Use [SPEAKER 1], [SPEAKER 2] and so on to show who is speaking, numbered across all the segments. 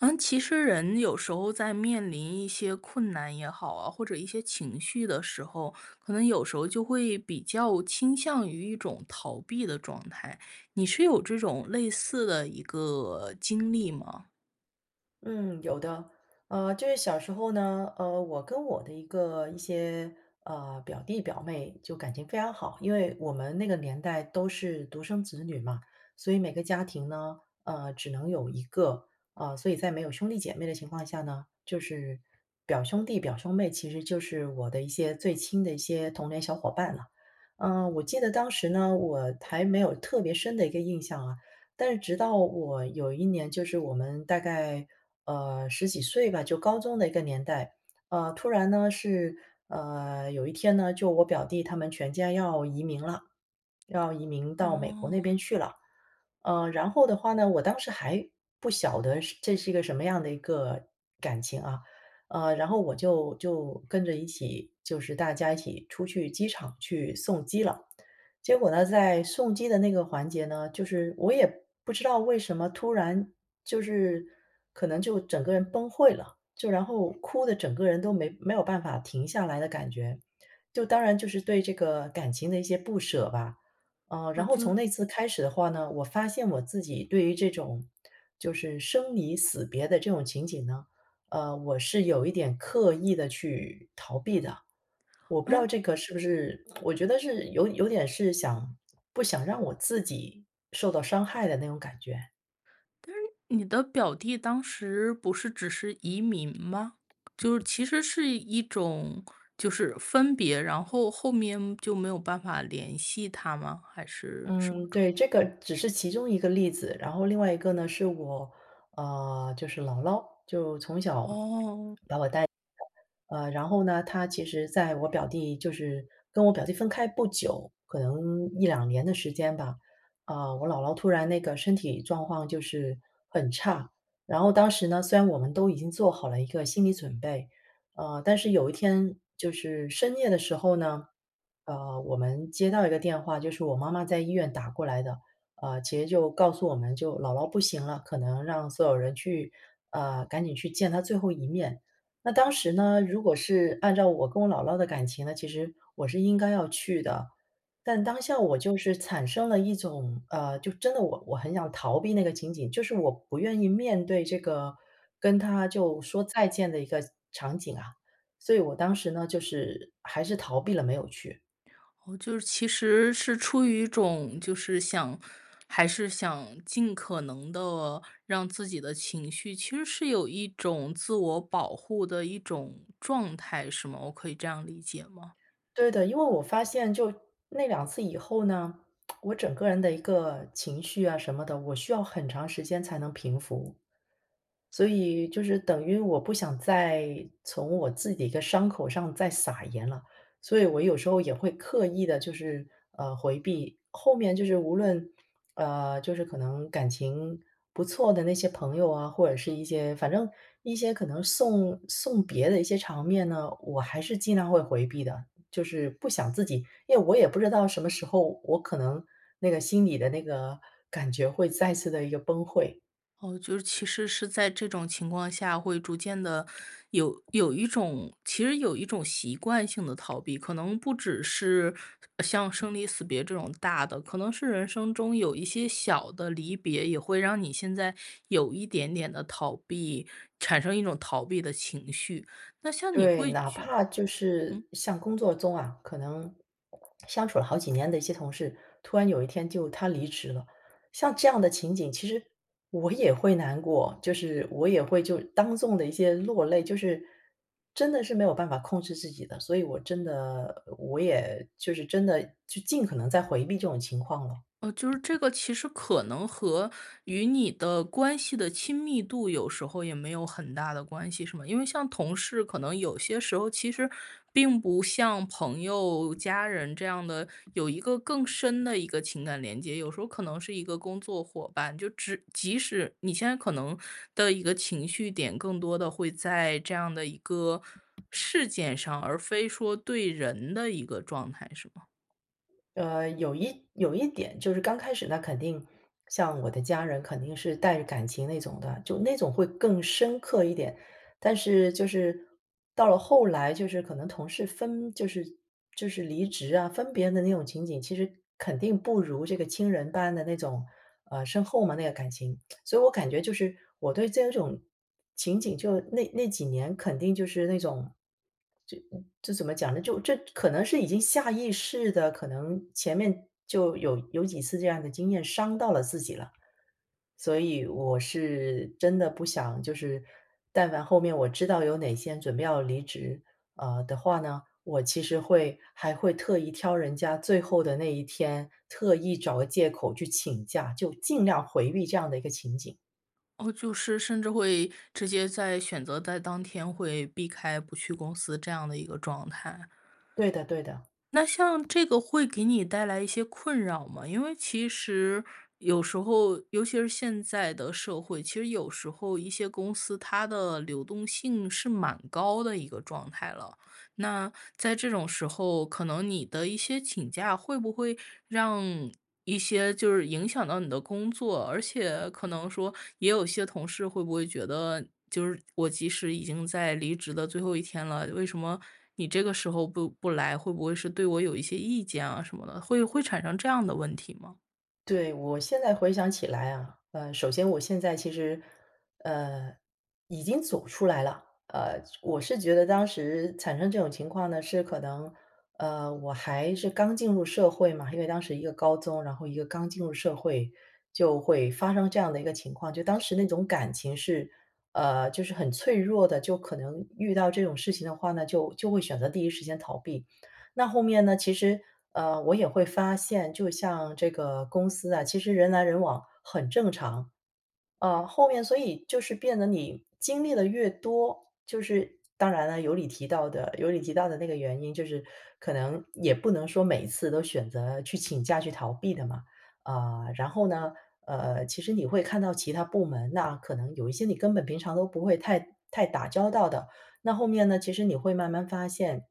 [SPEAKER 1] 嗯，其实人有时候在面临一些困难也好啊，或者一些情绪的时候，可能有时候就会比较倾向于一种逃避的状态，你是有这种类似的一个经历吗？
[SPEAKER 2] 嗯，有的。呃，就是小时候呢，呃，我跟我的一个一些，呃，表弟表妹就感情非常好。因为我们那个年代都是独生子女嘛，所以每个家庭呢，呃，只能有一个，呃，所以在没有兄弟姐妹的情况下呢，就是表兄弟、表兄妹，其实就是我的一些最亲的一些童年小伙伴了。呃，我记得当时呢，我还没有特别深的一个印象啊，但是直到我有一年，就是我们，大概，呃，十几岁吧，就高中的一个年代，呃，突然呢，是，呃，有一天呢，就我表弟他们全家要移民了，要移民到美国那边
[SPEAKER 1] 哦。
[SPEAKER 2] 去了。呃，然后的话呢，我当时还不晓得是这是一个什么样的一个感情啊。呃，然后我就就跟着一起，就是大家一起出去机场去送机了。结果呢，在送机的那个环节呢，就是我也不知道为什么突然就是可能就整个人崩溃了，就然后哭得整个人都没没有办法停下来的感觉，就当然就是对这个感情的一些不舍吧。呃，
[SPEAKER 1] 哦，
[SPEAKER 2] 然后
[SPEAKER 1] 就
[SPEAKER 2] 从那次开始的话呢，我发现我自己对于这种，就是生离死别的这种情景呢，呃，我是有一点刻意地去逃避的。我不知道
[SPEAKER 1] 嗯？
[SPEAKER 2] 这个，是不是 我觉得是有有点是想不想让我自己受到伤害的那种感觉。
[SPEAKER 1] 嗯，你的表弟当时不是只是移民吗？就是其实是一种就是分别，然后后面就没有办法联系他吗？还是什么
[SPEAKER 2] 嗯，
[SPEAKER 1] 状况？
[SPEAKER 2] 对，这个只是其中一个例子。然后另外一个呢是我，呃，就是姥姥，就从小 把我带大，
[SPEAKER 1] 哦。
[SPEAKER 2] 呃，然后呢，她其实在我表弟就是跟我表弟分开不久，可能1-2年的时间吧，啊，我姥姥突然那个身体状况就是很差。然后当时呢，虽然我们都已经做好了一个心理准备，呃，但是有一天就是深夜的时候呢，呃，我们接到一个电话，就是我妈妈在医院打过来的，呃，其实就告诉我们就姥姥不行了，可能让所有人去啊，赶紧去见她最后一面。那当时呢，如果是按照我跟我姥姥的感情呢，其实我是应该要去的，但当下我就是产生了一种，呃，就真的，我我很想逃避那个情景，就是我不愿意面对这个跟她就说再见的一个场景啊。所以我当时呢，就是还是逃避了，没有去。
[SPEAKER 1] 哦，就是其实是出于一种就是想还是想尽可能地让自己的情绪，其实是有一种自我保护的一种状态，是吗？我可以这样理解吗？
[SPEAKER 2] 对的，因为我发现就那两次以后呢，我整个人的一个情绪啊什么的，我需要很长时间才能平复，所以就是等于我不想再从我自己一个伤口上再撒盐了。所以我有时候也会刻意地就是，呃，回避，后面就是无论，呃，就是可能感情不错的那些朋友啊，或者是一些，反正一些可能送送别的一些场面呢，我还是尽量会回避的，就是不想自己，因为我也不知道什么时候，我可能那个心里的那个感觉会再次地一个崩溃。
[SPEAKER 1] 哦，就是其实是在这种情况下，会逐渐地有有一种其实有一种习惯性地逃避。可能不只是像生离死别这种大的，可能是人生中有一些小的离别，也会让你现在有一点点的逃避，产生一种逃避的情绪。那像你
[SPEAKER 2] 对，
[SPEAKER 1] 会
[SPEAKER 2] 哪
[SPEAKER 1] 觉
[SPEAKER 2] 怕就
[SPEAKER 1] 嗯？
[SPEAKER 2] 是像工作中啊，可能 相处了好几年的一些同事，突然有一天就他离职了。像这样的情景其实我也会难过。就是我也会就当众的一些落泪。就是真的是没有办法控制自己的。所以我真的我也就是真的，就尽可能在回避这种情况了。
[SPEAKER 1] 哦，就是这个其实可能和与你的关系的亲密度有时候也没有很大的关系，是吗？因为像同事，可能有些时候其实并不像朋友、家人这样的，有一个更深的一个情感连接。有时候可能是一个工作伙伴，就只即使你现在可能的一个情绪点更多地会在这样的一个事件上。而非说对人的一个状态，是吗？
[SPEAKER 2] 呃，有一有一点。就是刚开始那肯定像我的家人，肯定是带着感情那种的，就那种会更深刻一点。但是就是到了后来，就是可能同事分就是就是离职啊，分别的那种情景，其实肯定不如这个亲人般的那种，呃，深厚嘛，那个感情。所以我感觉就是，我对这种情景就那那几年，肯定就是那种这这怎么讲呢？就这可能是已经下意识的，可能前面就有有几次这样的经验伤到了自己了。所以我是真的不想就是但凡后面我知道有哪些人准备要离职，呃，的话呢，我其实会还会特意挑人家最后的那1天，特意找个借口去请假，就尽量回避这样的一个情景。
[SPEAKER 1] 哦，就是甚至会直接在，选择在当天会避开不去公司这样的一个状态。
[SPEAKER 2] 对的对的。
[SPEAKER 1] 那像这个会给你带来一些困扰吗？因为其实有时候，尤其是现在的社会，其实有时候，一些公司，它的流动性是蛮高的一个状态了。那在这种时候，可能你的一些请假，会不会让一些就是影响到你的工作。而且可能说，也有些同事会不会觉得，就是我即使已经在离职的最后1天了，为什么你这个时候不不来。会不会是对我有一些意见啊，什么的，会会产生这样的问题吗？
[SPEAKER 2] 对，我现在回想起来啊。呃，首先我现在，其实，呃，已经走出来了，呃，我是觉得当时产生这种情况呢，是可能，呃，我还是刚进入社会嘛，因为当时一个高中，然后一个刚进入社会，就会发生这样的一个情况。就当时那种感情是呃，就是很脆弱的，就可能遇到这种事情的话呢，就就会选择第一时间逃避。那后面呢，其实，呃，我也会发现，就像这个公司啊，其实人来人往很正常。呃，后面所以就是变得，你经历得越多，就是当然了，有你提到的有你提到的那个原因，就是可能也不能说每次都选择去请假去逃避的嘛。啊，然后呢，呃，其实你会看到其它部门，那可能有一些你根本平常都不会太太打交道的，那后面呢，其实你会慢慢发现，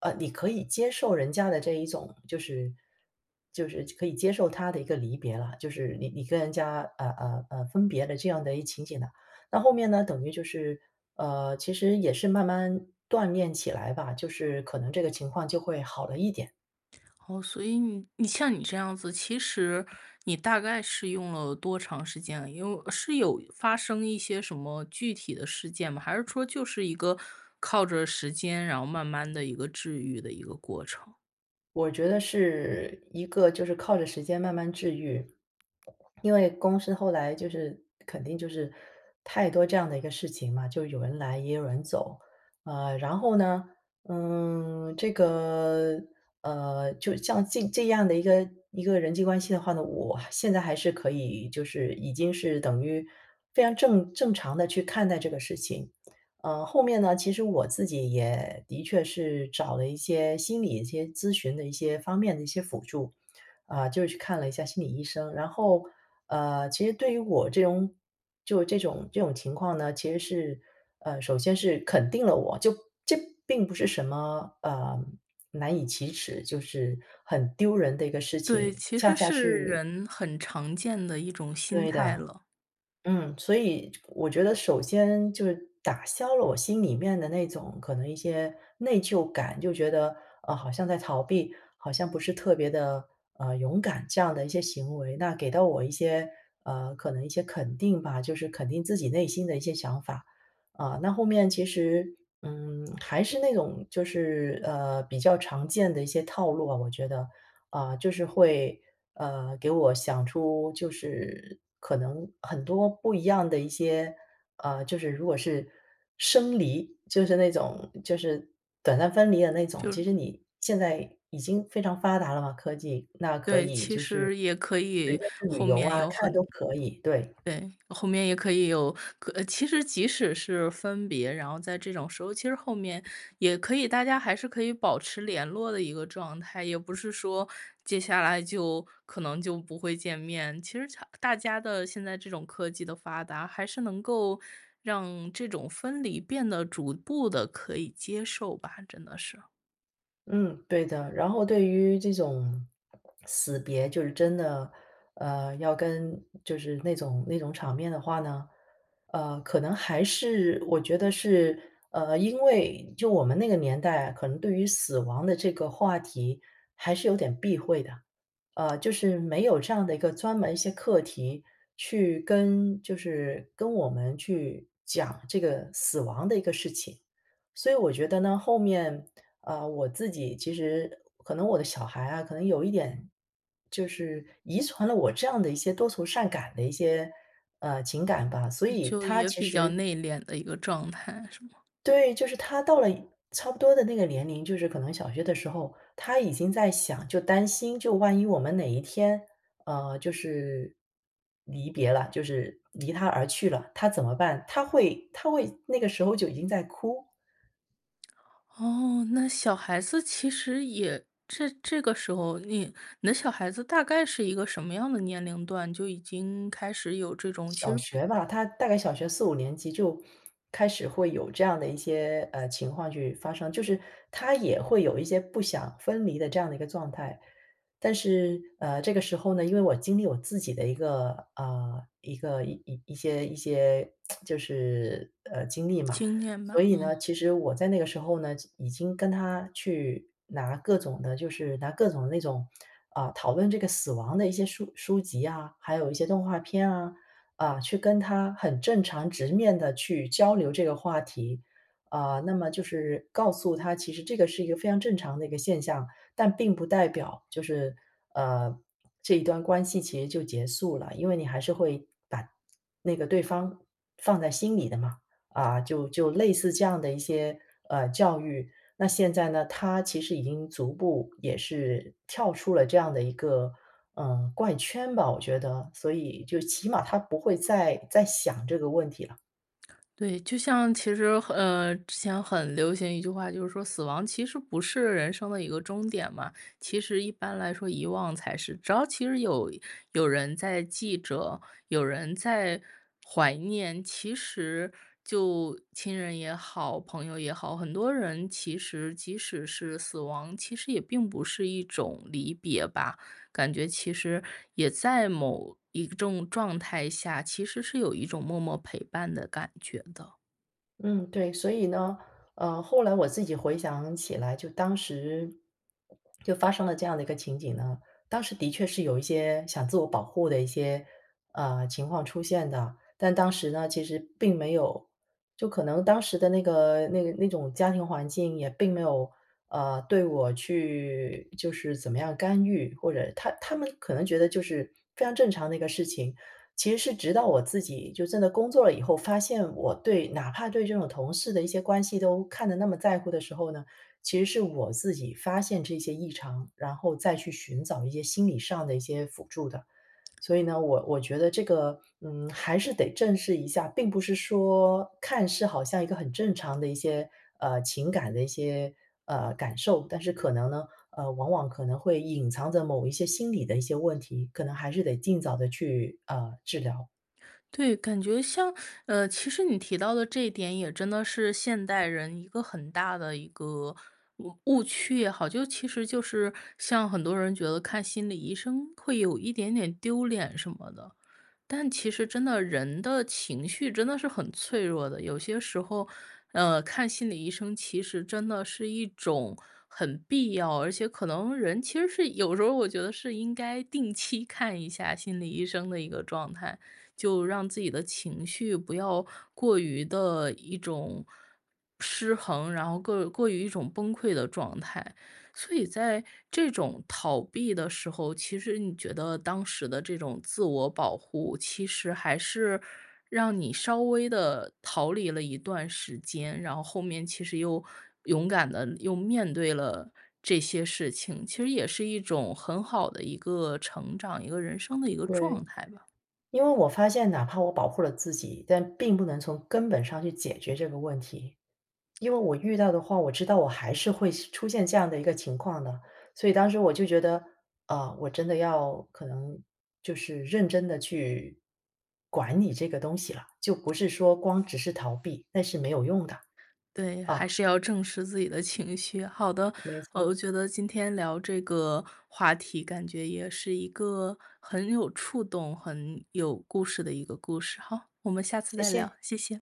[SPEAKER 2] 呃，你可以接受人家的这一种就是就是可以接受他的一个离别了，就是你你跟人家，呃呃呃，分别的这样的一个情景呢，那后面呢，等于就是呃，其实也是慢慢锻炼起来吧，就是可能这个情况就会好了一点。
[SPEAKER 1] 哦，所以你你像你这样子，其实你大概是用了多长时间，因为是有发生一些什么具体的事件吗？还是说就是一个靠着时间，然后慢慢地一个治愈的一个过程。
[SPEAKER 2] 我觉得是一个就是靠着时间慢慢治愈。因为公司后来就是肯定就是太多这样的一个事情嘛，就有人来，也有人走，呃，然后呢，嗯，这个，呃，就像这这样的一个一个人际关系的话呢，我现在还是可以就是已经是等于非常正正常的去看待这个事情。呃，后面呢，其实我自己也的确是找了一些心理一些咨询的一些方面的一些辅助。啊，就是去看了一下心理医生，然后，呃，其实对于我这种就这种这种情况呢，其实是呃，首先是肯定了我，就这并不是什么，呃，难以启齿，就是很丢人的一个事
[SPEAKER 1] 对，
[SPEAKER 2] 情，
[SPEAKER 1] 其
[SPEAKER 2] 恰
[SPEAKER 1] 实
[SPEAKER 2] 恰
[SPEAKER 1] 是
[SPEAKER 2] 是
[SPEAKER 1] 人很常见的一种心
[SPEAKER 2] 对
[SPEAKER 1] 态
[SPEAKER 2] 的。
[SPEAKER 1] 了。
[SPEAKER 2] 嗯，所以，就我觉得首先就是打消了我心里面的那种，可能一些内疚感，就觉得，啊，好像在逃避，好像不是特别的，呃，勇敢，这样的一些行为，那给到我一些呃，可能一些肯定吧，就是肯定自己内心的一些想法。啊，那后面其实，嗯，还是那种就是，呃，比较常见的一些套路啊，我觉得。啊，就是会，呃，给我想出就是可能很多不一样的一些呃，就是如果是生离，就是那种就是短暂分离的那种，
[SPEAKER 1] 就
[SPEAKER 2] 其
[SPEAKER 1] 是
[SPEAKER 2] 实你现在已经非常发达了嘛，科技，那可
[SPEAKER 1] 对，
[SPEAKER 2] 以
[SPEAKER 1] 其
[SPEAKER 2] 就是，
[SPEAKER 1] 实也可
[SPEAKER 2] 随
[SPEAKER 1] 以
[SPEAKER 2] 便去旅
[SPEAKER 1] 后
[SPEAKER 2] 游
[SPEAKER 1] 面
[SPEAKER 2] 啊，
[SPEAKER 1] 有
[SPEAKER 2] 看
[SPEAKER 1] 很
[SPEAKER 2] 都可以，对。
[SPEAKER 1] 对，后面也可以有，可呃，其实即使是分别，然后在这种时候，其实后面也可以大家还是可以保持联络的一个状态，也不是说接下来就可能就不会见面。其实强大家的现在这种科技的发达，还是能够让这种分离变得逐步地可以接受吧，真的是。
[SPEAKER 2] 嗯，对的。然后对于这种 死别就是真的，呃，要跟就是那种那种场面的话呢，呃，可能还是我觉得是呃，因为就我们那个年代，可能对于死亡的这个话题还是有点避讳的，呃，就是没有这样的一个专门一些课题去跟就是跟我们去讲这个死亡的一个事情。所以我觉得呢，后面呃，我自己其实可能我的小孩啊，可能有一点就是遗传了我这样的一些多愁善感的一些，呃，情感吧，所
[SPEAKER 1] 嗯，
[SPEAKER 2] 以
[SPEAKER 1] 就
[SPEAKER 2] 他
[SPEAKER 1] 也
[SPEAKER 2] 其
[SPEAKER 1] 比较
[SPEAKER 2] 实
[SPEAKER 1] 内敛的一个状态是吗？
[SPEAKER 2] 对，就是他到了差不多的那个年龄，就是可能小学的时候，他已经在想就担心，就万一我们哪一天呃，就是离别了，就是离他而去了，他怎么办？他会他会那个时候就已经在哭。
[SPEAKER 1] 哦，那小孩子其实也这这个时候，你你的小孩子大概是一个什么样的年龄段，就已经开始有这种其
[SPEAKER 2] 小
[SPEAKER 1] 实比
[SPEAKER 2] 学吧，他大概小学4-5年级就开始会有这样的一些，呃，情况去发生，就是他也会有一些不想分离的这样的一个状态。但是，呃，这个时候呢，因为我经历我自己的一个呃，一个一一些一些 就是，呃，经历嘛，
[SPEAKER 1] 经验
[SPEAKER 2] 所
[SPEAKER 1] 吧，
[SPEAKER 2] 以呢，
[SPEAKER 1] 嗯。
[SPEAKER 2] 其实我在那个时候呢，就已经跟他去拿各种的就是拿各种那种啊，讨论这个死亡的一些书书籍啊，还有一些动画片啊，啊，去跟他很正常、直面地去交流这个话题。呃，那么就是告诉他，其实这个是一个非常正常的一个现象，但并不代表就是，呃，这一段关系其实就结束了，因为你还是会把那个对方放在心里的嘛，啊，就就类似这样的一些，呃，教育。那现在呢，他其实已经逐步，也是跳出了这样的一个，呃，怪圈吧，我觉得，所以就起码他不会再再想这个问题了。
[SPEAKER 1] 对，就像其实呃，之前很流行一句话，就是说死亡其实不是人生的一个终点嘛。其实一般来说遗忘才是。只要其实有有人在记着，有人在怀念。其实就亲人也好、朋友也好，很多人其实即使是死亡，其实也并不是一种离别吧。感觉其实也在某一种状态下其实是有一种默默陪伴的感觉的。
[SPEAKER 2] 嗯，对。所以呢，呃，后来我自己回想起来就当时 就发生了这样的一个情景呢，当时的确是有一些想自我保护的一些，呃，情况出现的。但当时呢，其实并没有就可能当时的那个那个那种家庭环境，也并没有，呃，对我去就是怎么样干预，或者他他们可能觉得就是非常正常的一个事情。其实是直到我自己就真的工作了以后，发现我对哪怕对这种同事的一些关系都看得那么在乎的时候呢，其实是我自己发现这些异常，然后再去寻找一些心理上的一些辅助的。所以呢，我我觉得这个，嗯，还是得正视一下，并不是说，看似好像一个很正常的一些，呃，情感的一些呃，感受。但是可能呢呃，往往可能会隐藏着某一些心理的一些问题，可能还是得尽早地去，呃，治疗。
[SPEAKER 1] 对，感觉像，呃，其实你提到的这一点也真的是现代人一个很大的一个误误区也好，就其实就是像很多人觉得看心理医生会有一点点丢脸什么的。但其实真的人的情绪真的是脆弱的，有些时候，呃，看心理医生其实真的是一种很必要，而且可能人其实是有时候我觉得是应该定期看一下心理医生的一个状态。就让自己的情绪不要过于的一种失衡，然后各过于一种崩溃的状态。所以在这种逃避的时候，其实你觉得当时的这种自我保护，其实还是让你稍微地逃离了一段时间，然后后面其实又勇敢地又面对了这些事情，其实也是一种很好的一个成长，一个人生的一个
[SPEAKER 2] 对。
[SPEAKER 1] 状态吧。
[SPEAKER 2] 因为我发现哪怕我保护了自己，但并不能从根本上去解决这个问题。因为我遇到的话，我知道我还是会出现这样的一个情况的。所以当时我就觉得，呃，我真的要可能就是认真地去管理这个东西了，就不是说光只是逃避，那是没有用的。
[SPEAKER 1] 对，
[SPEAKER 2] 嗯。
[SPEAKER 1] 还是要正视自己的情绪。好的，
[SPEAKER 2] 没
[SPEAKER 1] 呃，我
[SPEAKER 2] 错。
[SPEAKER 1] 觉得今天聊这个话题，感觉也是一个很有触动、很有故事的一个故事。好，我们下次
[SPEAKER 2] 谢
[SPEAKER 1] 再聊，
[SPEAKER 2] 谢。
[SPEAKER 1] 谢谢。